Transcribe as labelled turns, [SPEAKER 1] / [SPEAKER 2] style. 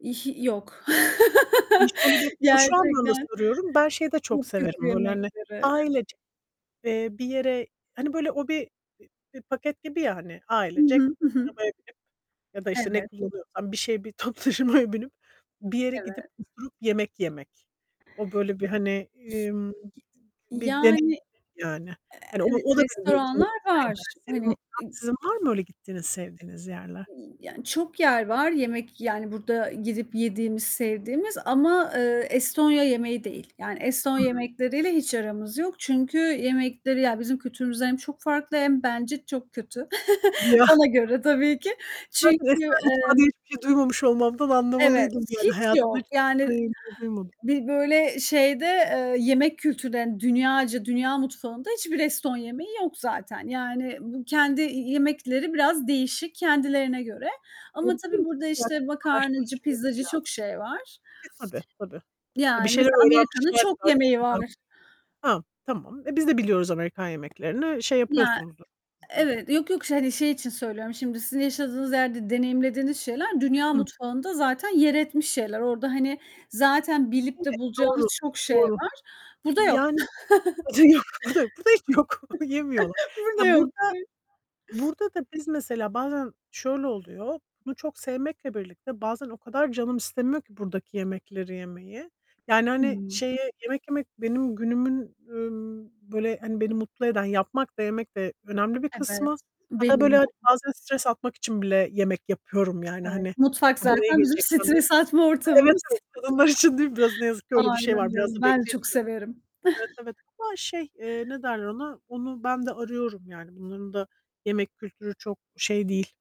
[SPEAKER 1] İhi yok.
[SPEAKER 2] Hani, şöyle bir Ya, şu anlamda
[SPEAKER 1] Gerçekten
[SPEAKER 2] soruyorum; ben şeyi de çok
[SPEAKER 1] çok kötü
[SPEAKER 2] severim, böyle, hani,
[SPEAKER 1] yemekleri.
[SPEAKER 2] ailece, eee, bir yere Hani, böyle, o bir bir bir paket gibi ya, hani,
[SPEAKER 1] Hı
[SPEAKER 2] ailecek
[SPEAKER 1] hı, ı hı.
[SPEAKER 2] arabaya binip ya da, işte, ne
[SPEAKER 1] Evet.
[SPEAKER 2] kullanıyorsan bir şeye, bir toplu taşımaya binip, bir yere
[SPEAKER 1] Evet.
[SPEAKER 2] gidip oturup yemek yemek. O, böyle, bir, hani, ımm, [unintelligible] bir deney
[SPEAKER 1] Yani,
[SPEAKER 2] yani. Hani, o
[SPEAKER 1] evet,
[SPEAKER 2] o da beni böyle
[SPEAKER 1] restoranlar var.
[SPEAKER 2] [unintelligible] senin var
[SPEAKER 1] Hani.
[SPEAKER 2] mı,
[SPEAKER 1] [unintelligible]
[SPEAKER 2] sizin var mı öyle gittiğiniz, sevdiğiniz yerler?
[SPEAKER 1] Y yani, çok yer var, yemek yani burada gidip yediğimiz, sevdiğimiz ama, eee, Estonya yemeği değil. Yani, Estonya
[SPEAKER 2] Hıı.
[SPEAKER 1] yemekleriyle hiç aramız yok. Çünkü yemekleri ya, bizim kültürümüzden hem çok farklı hem bence çok kötü.
[SPEAKER 2] Ya
[SPEAKER 1] Bana göre tabii ki.
[SPEAKER 2] Zaten
[SPEAKER 1] Çünkü,
[SPEAKER 2] Estonya mutfağı
[SPEAKER 1] emm
[SPEAKER 2] diye hiçbir şey duymamış olmamdan
[SPEAKER 1] Evet,
[SPEAKER 2] anlamalıydın yani.
[SPEAKER 1] hiç
[SPEAKER 2] Hayatımda
[SPEAKER 1] yok.
[SPEAKER 2] hiç
[SPEAKER 1] Yani,
[SPEAKER 2] Estonya yemeği duymadım.
[SPEAKER 1] bir böyle şeyde, eee, yemek kültürlerin dünyaca dünya mutfağında hiçbir Eston yemeği yok zaten. Yani, bu kendi y yemekleri biraz değişik, kendilerine göre. Ama tabii,
[SPEAKER 2] [unintelligible]
[SPEAKER 1] burada,
[SPEAKER 2] Merak
[SPEAKER 1] işte,
[SPEAKER 2] etme,
[SPEAKER 1] makarnacı,
[SPEAKER 2] araştırıcılık
[SPEAKER 1] pizzacı çok
[SPEAKER 2] biraz.
[SPEAKER 1] şey var.
[SPEAKER 2] E, tabii, tabii. E, bir
[SPEAKER 1] Yani,
[SPEAKER 2] şeyler
[SPEAKER 1] mesela Amerika'nın
[SPEAKER 2] öğrenmişlerdir
[SPEAKER 1] çok yemeği var.
[SPEAKER 2] aynı [unintelligible] Hah, tamam. E, biz de biliyoruz Amerikan yemeklerini. Şey
[SPEAKER 1] Ya,
[SPEAKER 2] yapıyorsunuzdur biraz daha
[SPEAKER 1] evet. Yok, yok, hani, şey için söylüyorum. Şimdi sizin yaşadığınız yerde deneyimlediğiniz şeyler dünya
[SPEAKER 2] Hıh.
[SPEAKER 1] mutfağında zaten yer etmiş şeyler. Orada, hani, zaten bilip
[SPEAKER 2] Evet,
[SPEAKER 1] de bulacağınız
[SPEAKER 2] doğru.
[SPEAKER 1] çok şey
[SPEAKER 2] Doğru.
[SPEAKER 1] var. Burada yok.
[SPEAKER 2] Yani, [unintelligible] burada yok, burada yok. Burada hiç mi yok? Yemiyorlar.
[SPEAKER 1] Burada
[SPEAKER 2] Ya,
[SPEAKER 1] yok.
[SPEAKER 2] burada
[SPEAKER 1] [unintelligible]
[SPEAKER 2] burada da biz mesela bazen şöyle oluyor; bunu çok sevmekle birlikte bazen o kadar canım istemiyor ki buradaki yemekleri yemeyi. Yani, hani,
[SPEAKER 1] I.
[SPEAKER 2] şeye yemek yemek benim günümün, ümm, böyle, hani, beni mutlu eden, yapmak da yemek de önemli bir kısmı.
[SPEAKER 1] Evet,
[SPEAKER 2] Hatta,
[SPEAKER 1] benim
[SPEAKER 2] böyle, hani,
[SPEAKER 1] de.
[SPEAKER 2] bazen stres atmak için bile yemek yapıyorum, yani,
[SPEAKER 1] Evet.
[SPEAKER 2] hani.
[SPEAKER 1] Mutfak
[SPEAKER 2] "Bana iyi
[SPEAKER 1] zaten bizim
[SPEAKER 2] gelecek." falan diye.
[SPEAKER 1] stres atma
[SPEAKER 2] Evet,
[SPEAKER 1] ortamımız.
[SPEAKER 2] evet. Kadınlar için değil mi biraz, ne yazık ki öyle bir şey
[SPEAKER 1] Aynen
[SPEAKER 2] var. Biraz
[SPEAKER 1] öyle,
[SPEAKER 2] da
[SPEAKER 1] ben de çok
[SPEAKER 2] bekleniyor.
[SPEAKER 1] severim.
[SPEAKER 2] Evet, evet. Ama şey, eee, ne derler ona? Onu ben de arıyorum yani. Bunların da yemek kültürü çok şey değil.